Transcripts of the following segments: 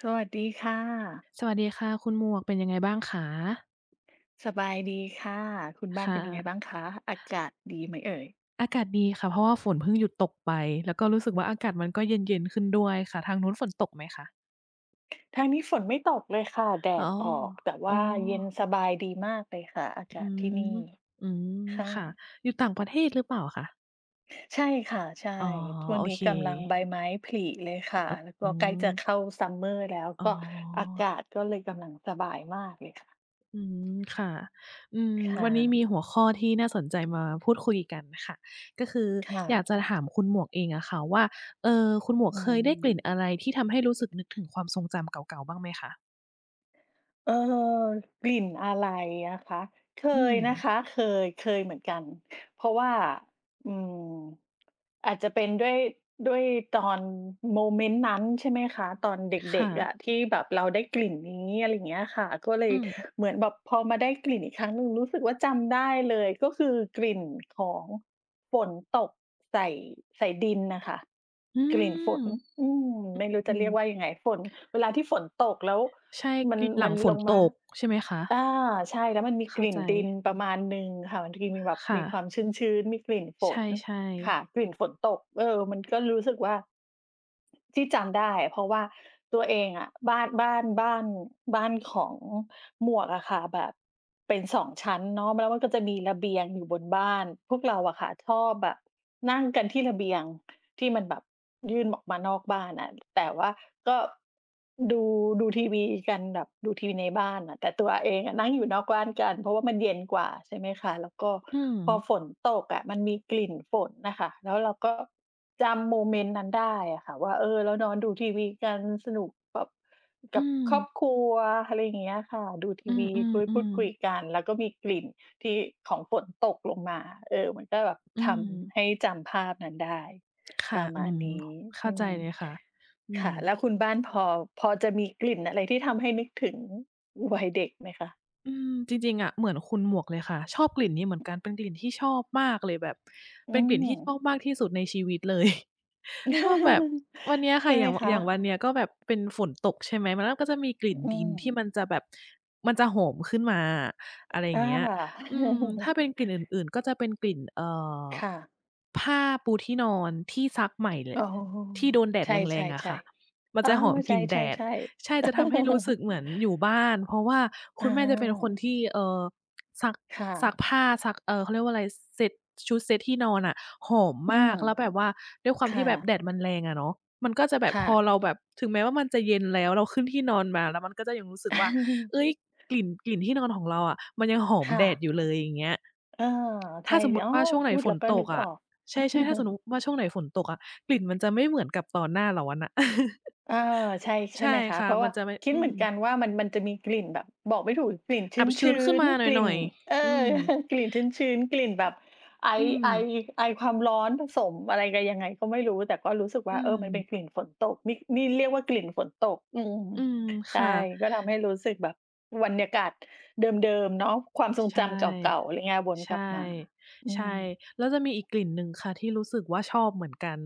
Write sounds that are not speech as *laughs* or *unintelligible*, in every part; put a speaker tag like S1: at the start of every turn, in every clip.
S1: สวัสดีค่ะ
S2: สวัสดีค่ะคุณหมวก เป็นยังไงบ้างคะ?
S1: สบายดีค่ะ คุณบ้า
S2: ค
S1: น
S2: ่
S1: เป็นยังไง
S2: ะ
S1: บ้างคะ? อากาศดีไหมเอ่ย?
S2: อากาศดีค่ะ เพราะว่าฝนเพิ่งหยุดตกไป แล้วก็รู้สึกว่าอากาศมันก็เย็น ๆ ขึ้นด้วยค่ะ ทางนู้นฝนตกไหมคะ?
S1: ทางนี้ฝนไม่ตกเลยค่ะ แด
S2: อ๋อ
S1: ดออก แต่
S2: โ
S1: ว
S2: อ้
S1: ่าเย็นสบายดีมากเลยค่ะ อาก
S2: อื
S1: าศ
S2: อ
S1: ที่นี
S2: ฮ
S1: ่
S2: ึ อืม
S1: ค่
S2: ค่ะ
S1: ะ
S2: อยู่ต่างประเทศหรือเปล่าคะ?
S1: ใช่ค่ะ ใช่
S2: อ๋อ
S1: ช่วง
S2: โอ
S1: นี้
S2: เค
S1: กำลังใบไม้ผลิเลยค
S2: อ
S1: ่ะ
S2: เออ
S1: แล้วก
S2: อ๋
S1: ็ใกล้จะ
S2: อ
S1: เข้า summer แล้ว
S2: อ
S1: ก
S2: ๋
S1: ็อาก
S2: อ
S1: าศก็เลยกำลังสบายมากเลยค่ะ
S2: อืม ค่ะ อืม
S1: ค่
S2: วันนี้
S1: ะ
S2: มีหัวข้อที่น่าสนใจมาพูดคุยกันค่ะ ก็คือ
S1: ค่
S2: อยาก
S1: ะ
S2: จะถามคุณหมวกเองอะค่ะว่า เอ่อ คุณหมวก
S1: อื
S2: เคยได้กลิ่น
S1: ม
S2: อะไรที่ทำให้รู้สึกนึกถึงความทรงจำเก่า ๆ บ้างไหมคะ?
S1: เออ กลิ่นอะไรอะคะ? เค
S2: อื
S1: ยนะ
S2: ม
S1: คะ เคย เคยเหมือนกัน เพราะว่า อืม อาจจะเป็นด้วย ด้วยตอนโมเมนต์นั้น ใช่ไหมคะ ตอนเด
S2: ค่
S1: ็ก ๆ
S2: ะ
S1: อะที่แบบเราได้กลิ่นนี้ อะไรอย่างเงี้ยอะค่ะ ก็เล
S2: อื
S1: ย
S2: ม
S1: เหมือนแบบพอมาได้กลิ่นอีกครั้งหนึ่งรู้สึกว่าจำได้เลย ก็คือกลิ่นของฝนตกใส่ ใส่ดินนะค่ะ
S2: อื
S1: กลิ่นฝ
S2: ม
S1: น
S2: อ
S1: อืม ไม่รู้
S2: อ
S1: จ
S2: ื
S1: ะเร
S2: อ
S1: ียกว่ายังไง ฝน เวลาที่ฝนตก แล้ว
S2: ใช่
S1: มั
S2: ก
S1: น
S2: ลิ่นหล
S1: มั
S2: ัง
S1: น
S2: ฝ
S1: ล
S2: น
S1: ง
S2: ต
S1: มา
S2: ก ใช่ไหมคะ?
S1: อา ใช่ แล้วมันมี
S2: เข
S1: ก
S2: ้
S1: ล
S2: า
S1: ิ่
S2: ใ
S1: น
S2: จ
S1: ดินประมาณหนึ่งค่ะ บางทีมีแบบ
S2: ค่
S1: มีควา
S2: ะ
S1: มชื้น ๆ มีกลิ่นฝ
S2: ใ
S1: น
S2: ช่
S1: ค
S2: ๆ
S1: ่ะ กลิ่นฝนตก เออ มันก็รู้สึกว่า ที่จำได้อะ เพราะว่าตัวเองอะ บ้าน บ้าน บ้าน บ้านของหมวกอะค่ะ แบบเป็น 2 ชั้นเนาะ แล้วมันก็จะมีระเบียงอยู่บนบ้าน พวกเราอะค่ะชอบแบบนั่งกันที่ระเบียง ที่มันแบบยื่นออกมานอกบ้านอะ แต่ว่าก็ ดู ดูทีวีกันแบบ ดูทีวีในบ้านน่ะ แต่ตัวเองอะนั่งอยู่นอกบ้านกัน เพราะว่ามันเย็นกว่า ใช่ไหมคะ แล้วก็
S2: อื
S1: พอ
S2: ม
S1: ฝนตกอะ มันมีกลิ่นฝนน่ะค่ะ แล้วเราก็จำโมเมนต์นั้นได้อะค่ะ ว่า เออ เรานอนดูทีวีกัน สนุกกับ
S2: อ
S1: ก
S2: ื
S1: ับครอ
S2: ม
S1: บครัว อะไรอย่างเงี้ยอะค่ะ ดูท
S2: อ
S1: ี
S2: ื
S1: วี คุย พูด
S2: อ
S1: ค
S2: ๆ
S1: ุ
S2: ๆ
S1: ยกัน แล้วก็มีกลิ่นที่ ของฝนตกลงมา เออ มันก็แบบ
S2: อื
S1: ท
S2: ม
S1: ำให้จำภาพนั้นได้
S2: ค่
S1: ป
S2: ะ
S1: ระ
S2: อ
S1: ม
S2: ื
S1: าณ
S2: ม
S1: นี้
S2: ห เข้
S1: อ
S2: า
S1: ื
S2: ใจ
S1: ม
S2: เลยค่ะ อื
S1: ค่ะ แล
S2: ม
S1: ้วคุณบ้านพอ พอจะมีกลิ่นอะไรที่ทำให้นึกถึงวัยเด็กไหมคะ?
S2: อืม จริง ๆ อะ เหมือนคุณหมวกเลยค่ะ ชอบกลิ่นนี้เหมือนกัน เป็นกลิ่นที่ชอบมากเลย แบบ
S1: อื
S2: เป็นกลิ่นที่ชอ
S1: ม
S2: บมากที่สุดในชีวิต เลย ชอบแบบ วันเน
S1: *laughs*
S2: ี้ย
S1: ใ
S2: ค
S1: ช
S2: ่
S1: ่
S2: ะ อ
S1: ไห
S2: ย่
S1: ม
S2: าง ว
S1: คะ?
S2: อย่างวันเนี้ยก็แบบเป็นฝนตกใช่ไหม มัน น ก็จะมีกลิ
S1: อ
S2: ่น
S1: อื
S2: ดิน ที่
S1: ม
S2: มันจะแบบ มันจะโหมขึ้นมาอะ อะไรอย
S1: อ
S2: ่าง
S1: า
S2: เงี้ย อืม ถ้
S1: *laughs*
S2: าเป็นกลิ่นอื่น ๆ ก็จะเป็นกลิ่น เอ่อ
S1: ค่ะ
S2: ผ้าปูที่นอนที่ซักใหม่ ล
S1: อ๋อ
S2: ที่โดนแดด
S1: ใช
S2: แรง ๆ อะค
S1: ่
S2: ่ะ
S1: ๆ
S2: ม
S1: ๆ
S2: ั
S1: เ
S2: น
S1: ออ
S2: จะหอม
S1: ใ
S2: ก
S1: ช
S2: ลิ่นแดด
S1: ่ ๆ
S2: ใช่
S1: ๆ
S2: จะทำให้รู้สึ
S1: *laughs*
S2: กเหมือนอยู่บ้าน เพราะว่า
S1: อ
S2: คุณแม่จะเป็นคน
S1: า
S2: ที่ เอ่อ ซัก
S1: ค่
S2: ซั
S1: ะ
S2: กผ้า ซัก เอ่อ เขาเรียกว่าอะไร เซต ชุดเซตที่นอนอะหอม
S1: อื
S2: มา
S1: ม
S2: ก แล้วแบบว่า ด้วยควา
S1: ค
S2: มท
S1: ่
S2: ี่แบบ
S1: ะ
S2: แดดมันแรงอะเนาะ มันก็จะแบ
S1: ค
S2: บ
S1: ่
S2: พอ
S1: ะ
S2: เราแบบ ถึงแม้ว่ามันจะเย็นแล้ว เราขึ้นที่นอนมาแล้ว มันก็จะยังรู้สึกว่า
S1: *chuckles*
S2: เฮ้ย กลิ่น กลิ่นที่นอนของเราอะ มันยังหอ
S1: ค
S2: ม
S1: ่
S2: แดด
S1: ะ
S2: อยู่เลย อย่างเงี้ย
S1: เออ ใ
S2: ถ
S1: ช
S2: ้
S1: ่
S2: าสมมุต
S1: อ้
S2: ิ
S1: อ
S2: ว่าช่วงไ
S1: พ
S2: หน
S1: ูด
S2: ฝ
S1: แล้
S2: น
S1: วก็
S2: ต
S1: นึ
S2: ก
S1: ก
S2: อ
S1: อ
S2: ะ
S1: อก
S2: ใช่ ๆ ถ้าสะ
S1: *chuckles*
S2: นุก ว่าช่วงไหนฝนตกอะ กลิ่นมันจะไม่เหมือนกับตอนหน้าร้อนน่ะ
S1: เออ ใช่ ใช
S2: *laughs*
S1: ่
S2: ใช
S1: ไห
S2: ่
S1: มคะ
S2: ค
S1: เ
S2: ่
S1: พ
S2: ะ
S1: ราะว
S2: ม
S1: ่
S2: ั
S1: า
S2: นจะไม่
S1: คิด
S2: อื
S1: เหมือนกั
S2: ม
S1: นว่ามัน มันจะมีกลิ่นแบบบอกไม่ถูก กลิ่น
S2: อับช
S1: ช
S2: ื้
S1: ื
S2: น
S1: ้
S2: ขึ้น
S1: น
S2: มาห
S1: ๆ กลิ่
S2: น่
S1: น
S2: อย
S1: เออ
S2: ๆ อืม
S1: *giggles* กลิ่นชื้น ๆ กลิ่นแบบไอ
S2: อื
S1: ไอ
S2: ม
S1: ไอความร้อนผสมอะไรกัน ยังไงก็ไม่รู้ แต่ก็รู้สึกว
S2: อ
S1: ่
S2: ื
S1: า เออ มันเป็
S2: ม
S1: นกลิ่นฝนตก นี่ นี่เรียกว่า กลิ่นฝนตก อืม
S2: อืม
S1: ใ
S2: ค
S1: ช่
S2: ่ะ
S1: ก็ทำให้รู้สึกแบบบรรยากาศเดิม ๆ เนาะ ความท
S2: ช
S1: รง
S2: ใช
S1: จ
S2: ่
S1: ำเก่า ๆ อะไรเงี้ย วน
S2: ใช
S1: กลับ
S2: ่
S1: มา อื
S2: ใช่
S1: ม
S2: แล้วจะมีอีกกลิ่นหนึ่ง ค่ะที่รู้สึกว่าชอบเหมือนกัน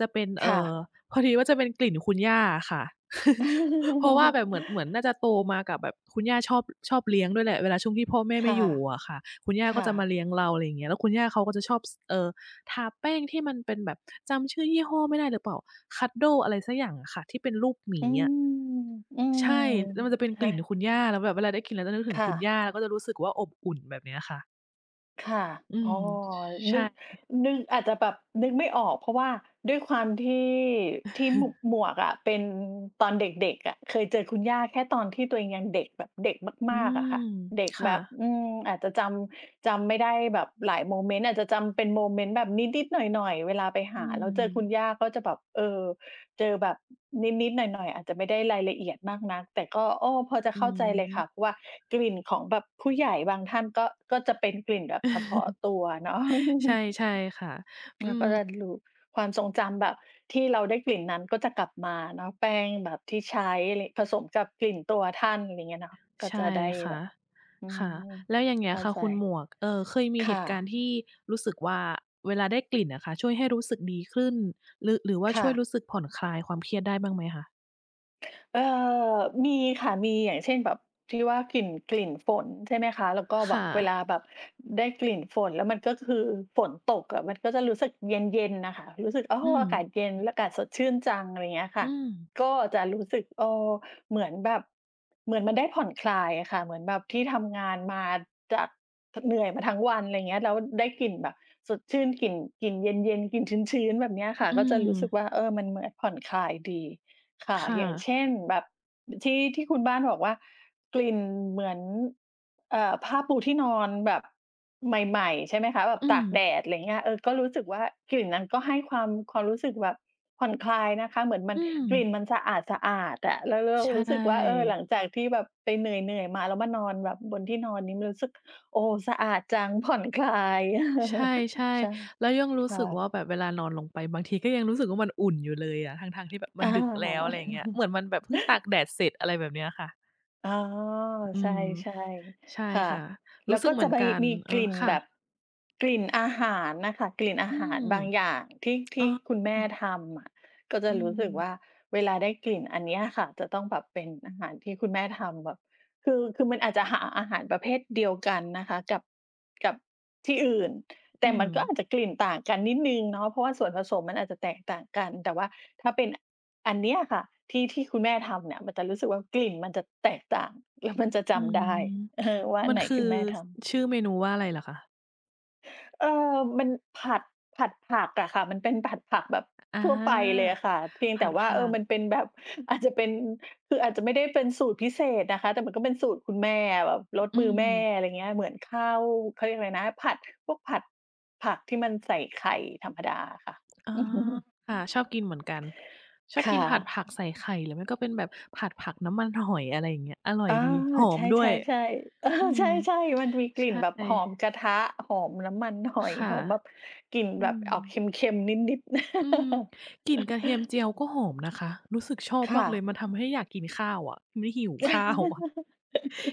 S2: จะเป็น เ
S1: ค
S2: อ
S1: ่
S2: ่อ
S1: ะ
S2: พอดีว่าจะเป็นกลิ่นคุณย่าอะค่ะ *laughs* เพราะว่าแบ
S1: *laughs*
S2: บเหมือน เหมือนน่าจะโตมากับแบบ คุณย่าชอบ ชอบเลี้ยงด้วยแหละ เวลาช่วงที่พ่อแม่
S1: ค
S2: ไม่
S1: ่ะ
S2: อยู่อะค่ะ คุณย่า
S1: ค
S2: ก็
S1: ่
S2: จะมา
S1: ะ
S2: เลี้ยงเรา อะไรอย่างเงี้ย แล้วคุณย่าเขาก็จะชอบ ส เอ่อ ทาแป้งที่มันเป็นแบบ จำชื่อยี่ห้อไม่ได้หรือเปล่า Cuddle อะไรสักอย่างอะค่ะ ที่เป็นรูปหมี
S1: อื
S2: อะ
S1: ม อืม
S2: ใช่ แล้วมันจะเป็นก
S1: ฮ
S2: ลิ
S1: ะ?
S2: ่นคุณย่า แล้วแบบเวลาได้กลิ่นนั้นแล้วจะนึกถึ
S1: ค
S2: ง
S1: ่
S2: คุณ
S1: ะ
S2: ย่า ก็จะรู้สึกว่าอบอุ่นแบบเนี้ยค่ะ
S1: ค่ะ
S2: อื
S1: อ
S2: ม
S1: ๋อ
S2: ช ใช
S1: นึ
S2: ่
S1: ก
S2: อ
S1: นึก อาจจะแบบนึกไม่ออก เพราะว่าด้วยความที่ ที่ ม
S2: *chuckles*
S1: หมวกอะเป็น ตอนเด็ก ๆ อะ เคยเจอคุณย่าแค่ตอนที่ตัวเองยังเด็กแบบเด็ก
S2: อ
S1: ม
S2: ื
S1: าก ๆ
S2: ม
S1: อะค่ะ เด็ก
S2: ค่
S1: แบบ
S2: ะ
S1: อืม อาจจะจำ จำไม่ได้แบบหลายโมเมนต์ อาจจะจำเป็นโมเมนต์แบบนิด ๆ หน่อย ๆ เวลาไปห
S2: อื
S1: าแล้วเจอ คุ
S2: ม
S1: ณย่าก็จะแบบ เออ เจอแบบนิด ๆ หน่อย ๆ อาจจะไม่ได้รายละเอียดมากนัก แต่ก็ โอ้ พอจะ
S2: อื
S1: เข้าใจเลยค่ะ
S2: ม
S1: ว่า กลิ่นของแบบผู้ใหญ่บางท่านก็ ก็จะเป็นกลิ่นแบบเฉพาะ
S2: เออ
S1: ตัวเนาะ
S2: ใช่
S1: *chuckles*
S2: ใช่ค่ะ อ
S1: ค
S2: ื
S1: ่ะ
S2: ม
S1: ก็จะลู ความทรงจำแบบ ที่เราได้กลิ่นนั้นก็จะกลับมาเนาะ แป้งแบบที่ใช้ อะไร ผสมกับกลิ่นตัวท่าน ไรเงี้ยเนาะ ก็
S2: ใช
S1: จะ
S2: ่
S1: ได้
S2: ค
S1: แ
S2: ่
S1: บ
S2: ะ
S1: บ อื
S2: ค่ะ
S1: ม
S2: แล้วอย่างเงี
S1: เ
S2: ้
S1: ข
S2: ย
S1: ้า
S2: ค่ะ
S1: ใจ
S2: คุณหมวก เอ่อ เคยมี
S1: ค
S2: เห
S1: ่
S2: ตุการ
S1: ะ
S2: ณ์ที่รู้สึกว่าเวลาได้กลิ่นน่ะค่ะช่วยให้รู้สึกดีขึ้น หรือ หรือว่า
S1: ค
S2: ช
S1: ่
S2: ่วย
S1: ะ
S2: รู้สึกผ่อนคลายความเครียดได้บ้างไหมคะ?
S1: เออ มีค่ะ มี อย่างเช่นแบบ ที่ว่ากลิ่น กลิ่นฝนใช่ไหมคะ แล้วก็
S2: ค
S1: แบ
S2: ่
S1: บ เวล
S2: ะ
S1: าแบบ อ ได้กลิ่นฝน แล้วมันก็คือ ฝนตกอะมันก็จะรู้สึกเย็น ๆ น่ะค่ะ รู้สึก อ๋อ
S2: อื
S1: อากา
S2: ม
S1: ศเย็น อากาศสดชื่นจัง อะไรเงี้ยค
S2: อ
S1: ่
S2: ื
S1: ะ
S2: ม
S1: ก็จะรู้สึก เอ่อ เหมือนแบบ เหมือนมันได้ผ่อนคลายอะค่ะ เหมือนแบบที่ทำงานมาจาก ท เหนื่อยมาทั้งวัน ไรเงี้ย แล้วได้กลิ่นแบบสดชื่น กลิ่น กลิ่นเย็น ๆ กลิ่นชื้น ๆ แบบเนี้ยค
S2: ห
S1: ่ะ
S2: อื
S1: ก็จะ
S2: ม
S1: รู้สึกว่า เออ มัน ม ผ่อนคลายดี ค่
S2: ค
S1: ะ
S2: ่
S1: อย่าง
S2: ะ
S1: เช่นแบบ อ ที่ ที่คุณบ้านบอกว่ากลิ่นเหมือน เอ่อ ผ้าปูที่นอนแบบใหม่ ๆ ใช่ไหมคะ แบบ
S2: อื
S1: ตาก
S2: ม
S1: แดด อะไรเงี้ย เออ ก็รู้สึกว่ากลิ่นนั้นก็ให้ความ ความรู้สึกแบบผ่อนคลายนะคะ เหมือนมั
S2: อ
S1: น
S2: ื
S1: กลิ
S2: ม
S1: ่นมันสะอาด ๆ อะ แล้ว ร เร
S2: ใ
S1: า
S2: ช
S1: รู้สึกว่า เออ หลั
S2: ่
S1: งจากที่แบบไปเหนื่อย ๆ มา แล้วมานอนแบบบนที่นอนนี้ มันรู้สึก โอ้ สะอาดจัง ผ่อน คลาย
S2: ใช
S1: *chuckles*
S2: ่
S1: ใช่
S2: ๆ แล้วยังรู
S1: ค
S2: ้
S1: ่
S2: สึกว
S1: ะ
S2: ่าแบบเวลานอนลงไป บางทีก็ยังรู้สึกว่ามันอุ่นอยู่เลยอะ ทั้ง ๆ ที่แบบมั
S1: อ
S2: นดึกแล้ว อะไรอย่างเงี้ย
S1: า
S2: เห
S1: *chuckles*
S2: มือนมันแบบเพิ่งตากแดดเสร็จ อะไรแบบเนี้ยค่ะ
S1: อ๋อ
S2: อื
S1: ใช
S2: ม
S1: ่
S2: ใช่
S1: ๆ ค่ะ
S2: ค่ะ
S1: แ
S2: ร
S1: ล
S2: ู
S1: ้
S2: ้
S1: ว
S2: สึ
S1: ก
S2: ก
S1: ็
S2: เหม
S1: จะ
S2: ือน
S1: ใบ
S2: กัน
S1: มี
S2: เอ
S1: ก
S2: อ
S1: ลิ่น
S2: ค่
S1: แบบ
S2: ะ
S1: กลิ่นอาหารน่ะค่ะ กลิ่นอา
S2: อื
S1: หาร
S2: ม
S1: บางอย่างที่ ท
S2: *tsk* อ๋
S1: ี่คุณแม่
S2: อ
S1: ทำอะ ก็จ
S2: อ
S1: ะ
S2: ื
S1: รู้สึกว
S2: ม
S1: ่าเวลาได้กลิ่นอันเนี้ยอะค่ะจะต้องแบบเป็นอาหารที่คุณแม่ทำ แบบ คือ คือมันอาจจะหาอาหารประเภทเดียวกันนะคะ กับ กับที่อื่น แ
S2: อ
S1: ต
S2: ื
S1: ่มันก็
S2: ม
S1: อาจจะกลิ่นต่างกันนิดหนึ่งเนาะ เพราะว่าส่วนผสมมันอาจจะแตกต่างกัน แต่ว่าถ้าเป็นอันเนี้ยอะค่ะที่ ที่คุณแม่ทำเนี่ย มันจะรู้สึกว่ากลิ่นมันจะแตกต่าง แล้วมันจะจ
S2: อื
S1: ำไ
S2: ม
S1: ด้ เออ ว่าอ
S2: ม
S1: ัน
S2: ัน
S1: ไหน
S2: คื
S1: ค
S2: อ
S1: ือแม่ท
S2: ส
S1: ำ
S2: ชื่อเมนูว่าอะไรเหรอคะ?
S1: เออ มัน ผัด ผัดผักอะค่ะ มันเป็นผัดผักแบบ
S2: อา
S1: ทั่วไปเลยอะค่ะ เพียง
S2: ผ
S1: แต่
S2: ัด
S1: ว
S2: ผ
S1: ่า
S2: ั
S1: เออ
S2: ก
S1: มันเป็นแบบ อาจจะเป็น คืออาจจะไม่ได้เป็นสูตรพิเศษนะคะ แต่มันก็เป็นสูตรคุณแม่อะ แบบรส
S2: อื
S1: มือแม่
S2: ม
S1: อะไรอย่างเงี้ย เหมือนข้าว เขาเรียกอะไรนะ ผัด พวกผัด ผักที่มันใส่ไข่ธรรมดาอะค่ะ
S2: อ๋อ
S1: *chuckles*
S2: ค่ะ ชอบกินเหมือนกัน ชอบ
S1: ค่
S2: กินผัด
S1: ะ
S2: ผักใส่ไข่ หรือไม่ก็เป็นแบบ ผัดผักน้ำมันหอย อะไรอย่างเงี้ย อร่
S1: เ
S2: อ
S1: อ
S2: ย
S1: อ
S2: ดี หอ
S1: ใช
S2: มด้วย
S1: ่ ๆ ๆ เออ
S2: อื
S1: ใ
S2: ม
S1: ช่ ๆ มันมีกล
S2: ใ
S1: ิ
S2: ช
S1: ่น
S2: ่
S1: แบบหอมกระทะ หอมน้ำมันหอ
S2: ค
S1: ย
S2: ่ะ
S1: หอมแบบกลิ่น
S2: อื
S1: แบบออกเ
S2: ม
S1: ค็ม ๆ นิด
S2: อืม กลิ
S1: ๆ
S2: ่นกระเทียมเจีย
S1: *chuckles*
S2: วก็หอมนะคะ รู้สึกชอบ
S1: ค
S2: ม
S1: ่
S2: ากเลย
S1: ะ
S2: มันทำให้อยากกินข้าวอะ ไม่หิวข้าววะ
S1: *chuckles*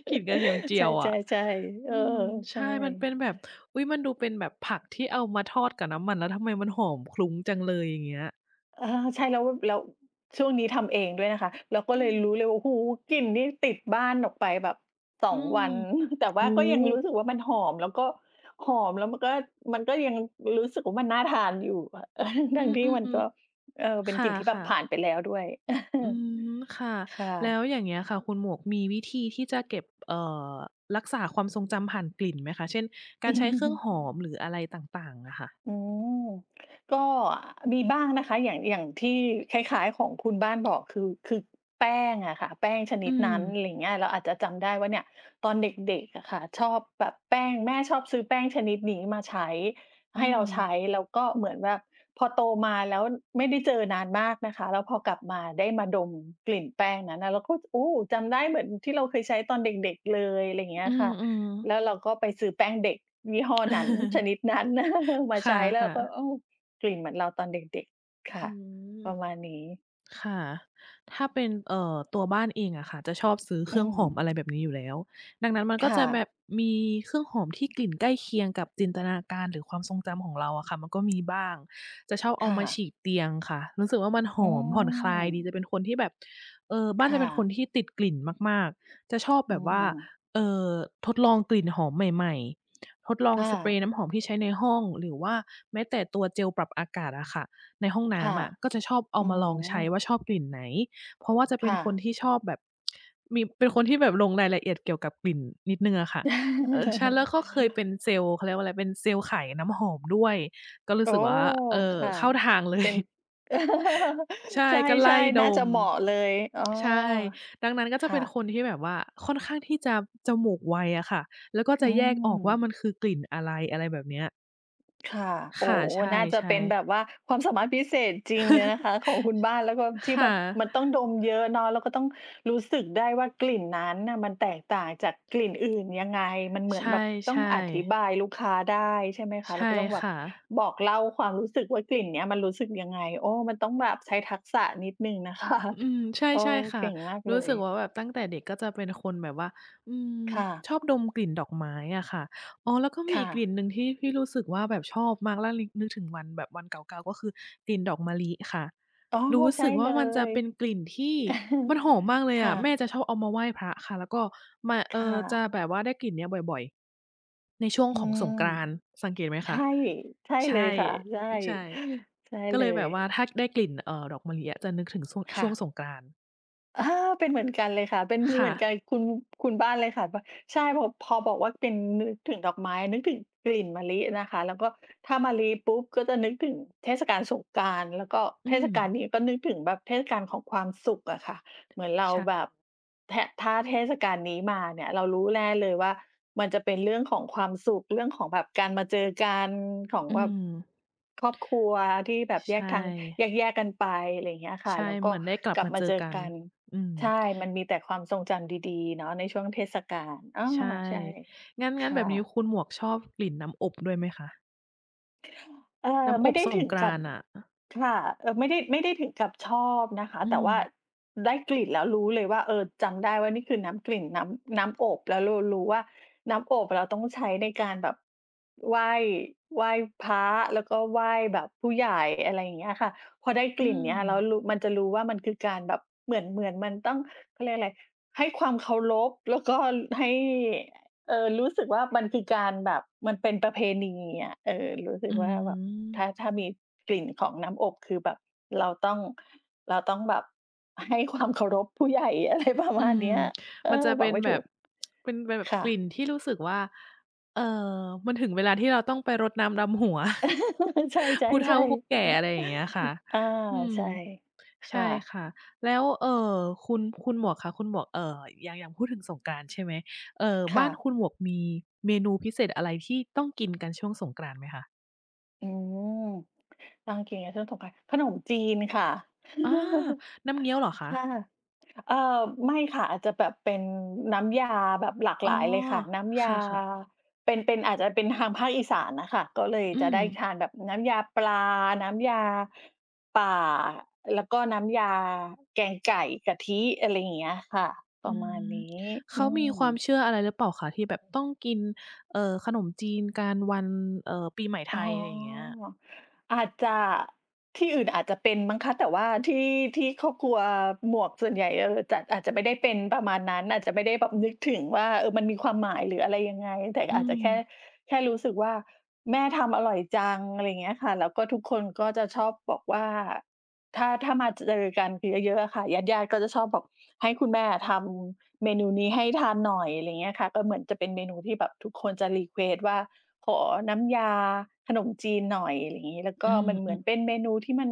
S2: กลิ่นกระเทียมเจี
S1: ใช
S2: ยวอะ
S1: ่ ๆ ๆ เอ
S2: อื
S1: อ
S2: ม ใ
S1: ใ
S2: ช
S1: ช
S2: ่ มันเป
S1: ่
S2: ็นแบบ อุ๊ย! มันดูเป็นแบบผักที่เอามาทอดกับน้ำมัน แล้วทำไมมันหอมคลุ้งจังเลย อย่างเงี้ย
S1: อะฮะ ใช่ แล้ว แล้วช่วงนี้ทำเองด้วยนะคะ เราก็
S2: อ
S1: เล
S2: ื
S1: ย
S2: ม
S1: รู้เลย โอ้โฮ! กลิ่นนี่ติดบ้านออกไปแบบ ส
S2: อื
S1: อง
S2: ม
S1: วัน แต่ว
S2: โอ
S1: ่า
S2: ้
S1: ก็ยังรู
S2: โ
S1: ้
S2: ฮ
S1: สึกว่า มันหอม แล้วก็หอม แล้วมันก็ มันก็ยังรู้สึกว่า มันน่าทานอยู่อะ *chuckles*
S2: อ
S1: ท
S2: ื
S1: ั้งที่มัน
S2: ม
S1: ก็ เอ
S2: ๆ
S1: อ เ
S2: ๆ
S1: ป
S2: ค
S1: ็นกลิ่นที่แบบ
S2: ่ะ
S1: ผ
S2: ๆ
S1: ่านไปแล้วด้วย
S2: อื
S1: *chuckles*
S2: ม ค่ะ
S1: ค่
S2: แล้
S1: ะ
S2: วอย่างเงี้ยค่ะ คุณหมวกมีวิธีที่จะเก็บ เอ่อ รักษาความทรงจำผ่านกลิ่นไหมคะ เช่น การใช้เครื่องห
S1: *chuckles*
S2: อม หรืออะไรต่าง ๆ อะค่ะ?
S1: อืม ก็ มีบ้างนะคะ อย่าง อย่างที่คล้าย ๆ ของคุณบ้านบอก คือ คือแป้งอะค่ะ แป้งชน
S2: อ
S1: ิ
S2: ื
S1: ดนั้น
S2: ม
S1: อะไรอย่างเงี้ย เราอาจจะจำได้ว่า เนี่ยตอนเด็ก ๆ อะค่ะ ชอบปะแป้ง แม่ชอบซื้อแป้งชนิดนี้มาใช้
S2: อื
S1: ให้เราใช
S2: ม
S1: ้ แล้วก็เหมือนแบบพอโตมา แล้วไม่ได้เจอนานมากนะคะ แล้วพอกลับมา ได้มาดม กลิ่นแป้งนั้น เราก็ โอ้! จำได้เหมือนที่เราเคยใช้ตอนเด็ก ๆ เลย อะไรอย่างเงี้
S2: อื
S1: ยค่ะ
S2: ม
S1: แล
S2: ๆ
S1: ้วเราก็ไปซื้อแป้งเด็กยี่ห้อนั้น ช
S2: *chuckles*
S1: นิดนั้น *chuckles* มา
S2: ค
S1: ใช้แล้วเ
S2: ่
S1: รา
S2: ะ
S1: ก็
S2: ๆ
S1: โอ้ กลิ่นเหมือนเราตอนเด็ก ๆ ค
S2: อ
S1: ่ะ
S2: ืม
S1: ประมาณนี้
S2: ค่ะ ถ้าเป็น เอ่อ ตัวบ้านเองอะค่ะ จะชอบซื้อเ
S1: อ
S2: ค
S1: ื
S2: รื่องหอม อ
S1: ม
S2: ะไรแบบนี้อยู่แล้ว ดังนั้นมัน
S1: ค
S2: ก็
S1: ่
S2: จะแบ
S1: ะ
S2: บมีเครื่องหอมที่กลิ่นใกล้เคียงกับจินตนาการ หรือความทรงจำของเราอะค่ะ มันก็มีบ้าง จะชอบเ
S1: ค
S2: อา
S1: ่
S2: มาฉ
S1: ะ
S2: ีดเตียงค่ะ รู้สึกว่า มันห
S1: อื
S2: อมผ่อนคลายดี
S1: อ
S2: จะเป็นคนที่แบบ เออ บ้
S1: ค
S2: านจ
S1: ่
S2: ะเป็นค
S1: ะ
S2: นที่ติดกลิ่นมาก ๆ จะชอบ
S1: อ
S2: แ
S1: ื
S2: บบว่า
S1: ม
S2: เอ่อ ทดลองกลิ่นหอมใหม่ ๆ ทดลอง
S1: ค่
S2: สเปร
S1: ะ
S2: ย์น้ำหอมที่ใช้ในห้อง หรือว่า แม้แต่ตัวเจลปรับอากาศอะค่ะ ในห้องน
S1: ค
S2: ้
S1: ่ะ
S2: ำอะ ก็จะชอบเอา
S1: อื้อ
S2: มาล
S1: ฮ
S2: อ
S1: ื
S2: งใช้ว
S1: อ
S2: ่า ชอบกลิ่นไหน เพราะว่าจะเ
S1: ค
S2: ป็
S1: ่
S2: นค
S1: ะ
S2: นที่ชอบแบบ มี เป็นคนที่แบบลงรายละเอียดเกี่ยวกับกลิ่นนิดหนึ่งอะค่ะ เออ ฉันแล้วก็เคยเป
S1: *chuckles*
S2: ็นเซลส์ เขาเรียกว่า อะไรเป็นเซลส์ขายน้ำหอมด้วย ก็รู
S1: โอ
S2: ้
S1: ้
S2: สึก
S1: โ
S2: ว่า เออ
S1: ฮ! ค่ะ
S2: เข้าทางเล
S1: เป
S2: ย
S1: ็น
S2: *chuckles* ใช
S1: *chuckles*
S2: ่
S1: ใ
S2: ก็ไ
S1: ช
S2: ล
S1: ่
S2: ่
S1: ๆ น
S2: ด
S1: ่าจะ
S2: ม
S1: เหมาะเลย อ้อ
S2: ใช่ ดังนั้น ก็
S1: ค
S2: จะ
S1: ่
S2: เป็น
S1: ะ
S2: คนที่แบบว่า ค่อนข้างที่จะจมูกไวอะค่ะ แล้วก็
S1: อื
S2: จะแยกออกว่า
S1: ม
S2: มันคือกลิ่นอะไร อะไรแบบเนี้ย
S1: ค่ะ โ
S2: ค
S1: อ้
S2: ่ะ ใช
S1: น่าจะเป
S2: ่
S1: ็นแบ
S2: ๆ
S1: บว่า ความสามารถพิเศษจริงเลยนะค
S2: *chuckles*
S1: ะ ของคุณ บ้าน แล้วก็ที
S2: ค
S1: ่
S2: ่
S1: แบบ
S2: ะ
S1: มันต้องดมเยอะเนาะ ก็ต้องรู้สึกได้ว่า กลิ่นนั้นน่ะมันแตกต่างจากกลิ่นอื่นยังไง มันเหม
S2: ใ
S1: ื
S2: ช
S1: อนแบบต้อง
S2: ่
S1: อธิ
S2: ๆ
S1: บายลูกค้าได้ใช่ไหมค
S2: ใ
S1: ะ
S2: ช
S1: แล้
S2: ่
S1: วก็ต้องแบ
S2: ค
S1: บ
S2: ่ะ
S1: บอกเล่าความรู้สึกว่า กลิ่นเนี้ยมันรู้สึกยังไง โอ้ มันต้องแบบใช้ทักษะนิดหนึ่ง นะคะ
S2: อืม ใช
S1: โอ้
S2: ่ ๆ ค
S1: เ
S2: ่
S1: ก
S2: ะ
S1: ่งมาก
S2: ร
S1: เ
S2: ู
S1: ล
S2: ้สึก
S1: ย
S2: ว่าแบบตั้งแต่เด็กก็จะเป็นคนแบบว่า อืม
S1: ค่ะ
S2: ชอบดมกลิ่นดอกไม้อะค่ะ อ๋อ แล้วก็มี
S1: ค่
S2: อีกกล
S1: ะ
S2: ิ่นหนึ่งที่ ที่รู้สึกว่าแบบชอบมากแล้วลิก นึกถึงวันแบบวันเก่า ๆ ก็คือกลิ่นดอกมะลิค่ะ
S1: อ๋อ
S2: รู้
S1: ใช
S2: ส
S1: ่
S2: ึกว
S1: เ
S2: ่
S1: ล
S2: า มันจะ
S1: ย
S2: เป็นกลิ่นที่มัน
S1: *chuckles*
S2: หอมมากเล
S1: ค
S2: ยอ
S1: ่
S2: ะ แม่
S1: ะ
S2: จะชอบเอามาไหว้พระค่ะ แล้วก็มา เ
S1: ค
S2: อ่
S1: ่
S2: อ จะ
S1: ะ
S2: แบบว่าได้กลิ่นนี้บ่อย ๆ ในช่วง
S1: อื
S2: ของส
S1: ม
S2: งกรานต์ สังเกตไหม
S1: ใช
S2: คะ
S1: ่ ใช่
S2: ใช
S1: เลย
S2: ่
S1: ค่ะ ใช่
S2: ใช่
S1: *gasps* ใช่
S2: ก็
S1: เ
S2: เ
S1: ล
S2: ลยแบ
S1: ย
S2: บว่าถ้าได้กลิ่น เอ่อ ดอกมะลิอะจะนึกถึงซ่วง
S1: ค
S2: ช
S1: ่
S2: ่วง
S1: ะ
S2: สงกรานต์
S1: อา เป็นเหมือนกันเลยค่ะ เป็น
S2: ค
S1: เ
S2: ่
S1: หมือนกั
S2: ะ
S1: น คุณ คุณบ้านเลยค่ะ แบบ ใช่ พอ พอบอกว่าเป็น นึกถึงดอกไม้ นึกถึงกลิ่นมะลินะคะ แล้วก็ถ้ามะลิปุ๊บ ก็จะนึกถึงเทศกาลสงกรานต์ แล้วก็
S2: อ
S1: เ
S2: ื
S1: ทศก
S2: ม
S1: าลนี้ ก็นึกถึงแบบเทศกาลของความสุขอะค่ะ เหมือนเรา
S2: ใช
S1: แบ
S2: ่
S1: บ แทะ ถ้าเทศกาลนี้มาเนี่ย เรารู้แน่เลยว่ามันจะเป็นเรื่องของความสุข เรื่องของแบบการมาเจอกัน ของ
S2: อื
S1: แบบ
S2: ม
S1: ครอบครัวที่แบบ
S2: ใ
S1: แ
S2: ช
S1: ยกทาง แ
S2: ่
S1: ยก ๆ กันไป ไรเงี้ยค่
S2: ใ
S1: ะ
S2: ช่
S1: แล้ว
S2: เ
S1: ก็
S2: หมือนได้กลั
S1: ก
S2: บ
S1: ลั
S2: ม
S1: บ
S2: า
S1: ม
S2: เ
S1: า
S2: จอ
S1: เจอ
S2: กัน
S1: กัน
S2: อืม
S1: ใช่ มันมีแต่ความทรงจำดี ๆ เนาะในช่วงเทศกาล อ้อ
S2: ใช่
S1: ใช่
S2: งั้น
S1: ค
S2: งั้นแ
S1: ่
S2: บบนี้
S1: ะ
S2: คุณหมวก ชอบกลิ่นน้ำอบด้วยไหมคะ?
S1: อ่า
S2: น้
S1: ไ
S2: ำ
S1: ม
S2: อ
S1: ่
S2: บ
S1: ได้
S2: ส
S1: ถ
S2: ง
S1: ึง
S2: กร
S1: กั
S2: า
S1: บ
S2: นต์น่ะ อะ
S1: ค่ะ เอ่อ ไม่ได้ ไม่ได้ถึงกับชอบนะคะ
S2: อื
S1: แต่ว่า
S2: ม
S1: ได้กลิ่นแล้วรู้เลยว่า เออ จำได้ว่านี่คือน้ำ กลิ่นน้ำ น้ำอบ แล้วเรารู้ว่าน้ำอบเราต้องใช้ในการแบบไหว้ ไหว้พระ แล้วก็ไหว้แบบผู้ใหญ่ อะไรอย่างเงี้ยอะค่ะ พอได้ก
S2: อื
S1: ลิ่นเนี่ยแล้ว
S2: ม
S1: รู้ มันจะรู้ว่า มันคือการแบบเหมือน เหมือนมันต้อง เขาเรียกอะไร ให้ความเคารพแล้วก็ ล ให้ เออ รู้สึกว่า มันคือการแบบ มันเป็นประเพณีอะ เออ รู้สึ
S2: อื
S1: กว่าแบบ ถ้
S2: ม
S1: า ถ้ามีกลิ่นของน้ำอบ คือแบบเราต้อง เราต้องแบบให้ ความเคารพผู้ใหญ่ อะไรประม
S2: อื
S1: าณเ
S2: ม
S1: นี้ย เอ
S2: มันจ
S1: อ
S2: ะเป
S1: บอ
S2: ็
S1: ก
S2: น
S1: ไม่
S2: แ
S1: ถ
S2: บ
S1: ู
S2: บ
S1: ก
S2: เป็นแบบ
S1: ค่
S2: กล
S1: ะ
S2: ิ่นที่รู้สึกว่า เอ่อ มันถึงเวลาที่เราต้องไปรดน้ำดำหัว
S1: *laughs* ใช
S2: *chuckles* ผู้เฒ่
S1: ่
S2: าผู้
S1: ๆ ๆ
S2: แก่ อะไรอย่างเงี้ยค่ะ
S1: *chuckles* อา
S2: อืม
S1: ใช่ ค
S2: ใช
S1: ่
S2: ่
S1: ะ
S2: ค่ะ แล้ว เอ่อ คุณ คุณหมวกคะ คุณหมวก เอ่อ ยัง ยังพูดถึงสงกรานต์ใช่ไหม เอ่อ
S1: ค
S2: บ้
S1: ่
S2: าน
S1: ะ
S2: คุณหมวกมีเมนูพิเศษอะไร ที่ต้องกินกันช่วงสงกรานต์ไหมคะ?
S1: อืม ต้องกิน *unintelligible* ขนมจีนค่ะ
S2: อา
S1: *chuckles*
S2: น้ำเงี้ยวเหรอคะ?
S1: ค่ะ เอ่อ ไม่ค่ะ อาจจะแบบเป็นน้ำยาแบบหลาก
S2: อ
S1: ห
S2: ๋
S1: ล
S2: อ
S1: ายเลยค่ะ น้ำย
S2: ค
S1: า
S2: ่ะ ๆ
S1: เป็น เป็น อาจจะเป็นทางภาคอีสานน่ะค่ะ ก็เลย
S2: อื
S1: จะได้
S2: ม
S1: ทานแบบน้ำยาปลา น้ำยา ป่า แล้วก็น้ำยาแกงไก่ กะทิ อะไรอย่างเงี้ยค่ะ ป
S2: อ
S1: ร
S2: ื
S1: ะมา
S2: ม
S1: ณนี้
S2: เข
S1: อื
S2: ามีความ
S1: ม
S2: เชื่ออะไรหรือเปล่าคะ? ที่แบบต้องกิน เอ่อ ขนมจีนกันวัน เอ่อ ปีใหม่ไท
S1: อ๋อ
S2: ย อะไรอย่างเงี้ย
S1: อาจจะ ที่อื่นอาจจะเป็นมั้งคะ แต่ว่าที่ ที่ครอบครัวหมวกส่วนใหญ่ เอ่อ จัดอาจจะไม่ได้เป็นประมาณนั้น อาจจะไม่ได้แบบนึกถึงว่า เออ มันมีความหมายหรืออะไรยังไง แต่
S2: อื
S1: อาจจะแค่
S2: ม
S1: แค่รู้สึกว่าแม่ทำอร่อยจัง อะไรอย่างเงี้ยค่ะ แล้วก็ทุกคนก็จะชอบบอกว่า ถ้า ถ้ามาเจอกันเยอะ ๆ อะค่ะ ญาติ ๆ ก็จะชอบบอกให้คุณแม่อะทำเมนูนี้ให้ทานหน่อย อะไรอย่างเงี้ยค่ะ ก็เหมือนจะเป็นเมนูที่แบบทุกคนจะ รีเควสต์ ว่า ขอน้ำยาขนมจีนหน่อย อะไรอย่างงี้ แล้วก
S2: อื
S1: ็
S2: ม
S1: มันเห
S2: อ
S1: ม
S2: ื
S1: ือน
S2: ม
S1: เป็นเมนูที่มัน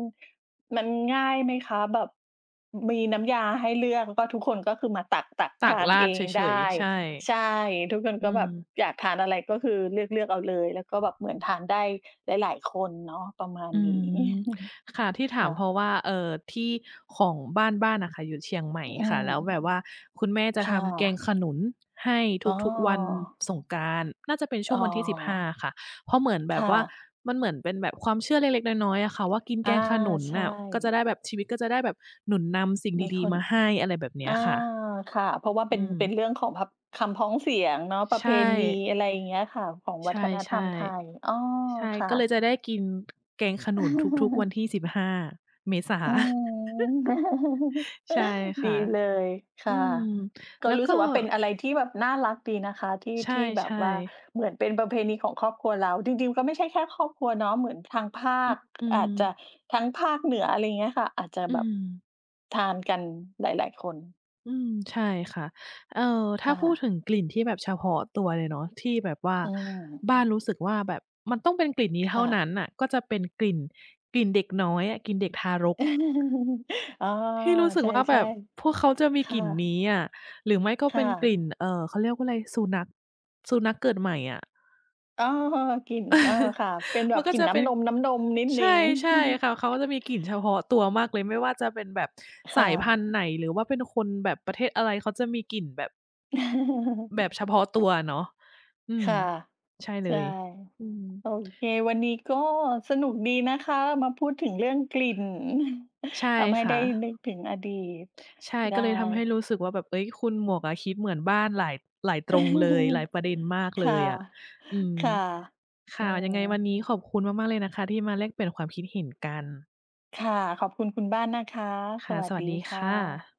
S1: มันง่ายไหมคะ แบบ มีน้ำยาให้เลือก แล้วก็ทุกคน ก็คือมาตัก ๆ
S2: ต
S1: ท
S2: ัก
S1: าน
S2: รา
S1: เอ
S2: ดเ
S1: ง
S2: ฉ
S1: ได
S2: ย
S1: ้
S2: ๆ ใช่
S1: ใช่ ทุกคน
S2: อ
S1: ก็
S2: ื
S1: แบ
S2: ม
S1: บอยากทานอะไรก็คือเลือก ๆ เอาเลย แล้วก็แบบเหมือนทานได้หลาย ๆ คนเนาะประมาณ
S2: อื
S1: นี้
S2: ม
S1: *chuckles*
S2: ค่ะ ที่ถ
S1: ค
S2: าม
S1: ่
S2: เพร
S1: ะ
S2: าะว่า เอ่อ ที่ของบ้าน บ้านอะค่ะอยู่เชียงใหม่
S1: อื
S2: ค่ะ แล้ว
S1: ม
S2: แบบว่าคุณแม่จะ
S1: ค
S2: ท
S1: ่
S2: ำแกง
S1: ะ
S2: ขนุนให้
S1: อ๋
S2: ทุก ๆ วัน
S1: อ
S2: สงกรานต์ น่าจะเป็นช่
S1: อ้
S2: วง
S1: อ
S2: วันที่ 15 ค่ะ เพราะเหมือนแ
S1: ค
S2: บบ
S1: ่
S2: ว่า
S1: ะ
S2: มันเหมือนเป็นแบบความเชื่อเล็ก ๆ น้อย ๆ อะค่ะว่ากิน
S1: อ
S2: แก
S1: า
S2: งขนุน
S1: ใช
S2: น่ะ ก็จะ
S1: ่
S2: ได้แบบชีวิตก็จะได้แบบหนุนนำสิ่ง
S1: มี
S2: ดี
S1: คน
S2: ๆ มาให้ อะไรแบบเน
S1: อ
S2: ี้
S1: า
S2: ยค่ะ
S1: ค่ะ เพราะว่าเป
S2: อ
S1: ็น
S2: ืม
S1: เป็นเรื่องของแบบคำพ้องเสียงเนาะ ปร
S2: ใ
S1: ะ
S2: ช
S1: เพณี
S2: ่
S1: อะไรอย่างเงี้ยค่ะ ของว
S2: ใช
S1: ั
S2: ่
S1: ฒนธรรมไทย อ้อ
S2: ๆ ใช่
S1: ค่
S2: ก็เล
S1: ะ
S2: ยจะได้กิน แกงขนุนทุก ๆ วัน
S1: *chuckles*
S2: ที่ 15 เมษา
S1: อื
S2: *chuckles*
S1: ม *chuckles*
S2: ใช่ค
S1: ดี
S2: ่ะ
S1: เลย ค
S2: อื
S1: ่ะ
S2: ม
S1: ก
S2: แ
S1: ็
S2: ล้ว
S1: รู้
S2: ก
S1: ส
S2: ็
S1: ึกว่าเป็นอะไรที่แบบน่ารักดีนะคะ ที่
S2: ใช
S1: ที่แบบ
S2: ่
S1: ว่า
S2: ๆ
S1: เหมือนเป็นประเพณีของครอบครัวเรา จริง ๆ ก็ไม่ใช่แค่ครอบครัวเนาะ เหมือนทางภา
S2: อื
S1: ค
S2: อ อื
S1: อาจจะ
S2: ม
S1: ทั้งภาคเหนือ อะไรอย่างเงี้ยค่ะ อาจจะ
S2: อื
S1: แบบ
S2: ม
S1: ทานกันหลาย ๆ คน
S2: อืม ใช่ค่ะ เออ ถ้
S1: ค
S2: า
S1: ่
S2: พูด
S1: ะ
S2: ถึงกลิ่นที่แบบเฉพาะตัวเลยเนาะ ที่แบบว่า
S1: อืม
S2: บ้านรู้สึกว่า แบบมันต้องเป็นกลิ่นนี้
S1: ค
S2: เท่า
S1: ่
S2: น
S1: ะ
S2: ั้นน่ะ ก็จะเป็นกลิ่น กลิ่นเด็กน้อยอะ กลิ่นเด็กทารก
S1: *chuckles* อ๋อ
S2: ที่รู้สึ
S1: ใ
S2: กว่า
S1: ช
S2: แบ
S1: ่
S2: บพวกเขาจะมี
S1: ๆ ค
S2: ก
S1: ่
S2: ลิ่น
S1: ะ
S2: นี้อะ หรือไม่ก็
S1: ค
S2: เป
S1: ่
S2: ็นกล
S1: ะ
S2: ิ่น เอ่อ เขาเรียกว่าอะไร สุนัข สุนัขเกิดใหม่อะ
S1: อ้อ กลิ่น อา
S2: *chuckles*
S1: ค่ะ เป็นแบ
S2: มัน
S1: บ
S2: ก็
S1: กลิ่
S2: จ
S1: น
S2: ะ
S1: น
S2: เ
S1: ้
S2: ป็น
S1: ำนม ๆ นิด
S2: ใ
S1: หน
S2: ช
S1: ึ่
S2: ่
S1: ง
S2: ใช่ค่ะ เขาก็จะมีกลิ่นเฉพาะตัวมากเลย ไม่ว่าจะเป็นแบบ
S1: ค
S2: สา
S1: ่
S2: ยพั
S1: ะ
S2: นธุ์ไหน หรือว่าเป็นคนแบบประเทศอะไร เขาจะมีกลิ่นแบบ
S1: *laughs*
S2: แบบเฉพาะตัวอะเนาะ อื
S1: ค
S2: ม
S1: ่ะ
S2: ใช่เล
S1: ใช่
S2: ย อืม
S1: โอเค วันนี้ก็สนุกดีนะคะ มาพูดถึงเรื่องกลิ่น
S2: ใช่
S1: *chuckles* ทำให้
S2: ค
S1: ไ
S2: ่
S1: ด้
S2: ะ
S1: นึกถึงอดีต
S2: ใช่
S1: ได
S2: ก็เลยทำให้
S1: ้
S2: รู้สึกว่าแบบ เฮ้ย คุณหมวกอะคิดเหมือนบ้านหลาย หลายตรงเลย หลาย
S1: *chuckles*
S2: ประเด็นมาก
S1: ค
S2: เล
S1: ่ะ
S2: ยอะ อืม
S1: ค่ะ
S2: ค
S1: อื
S2: ่ะ ยัง
S1: ม
S2: ไงวันนี้ขอบคุณมาก ๆ เลยนะคะ ที่มาแลกเปลี่ยนความคิดเห็นกัน
S1: ค่ะ ขอบคุณคุณบ้านนะคะ
S2: ค
S1: ส
S2: ่ะ
S1: วั
S2: ส
S1: ส
S2: วั
S1: ด
S2: ส
S1: ี
S2: ดี
S1: ค
S2: ค
S1: ่
S2: ่
S1: ะ
S2: ะ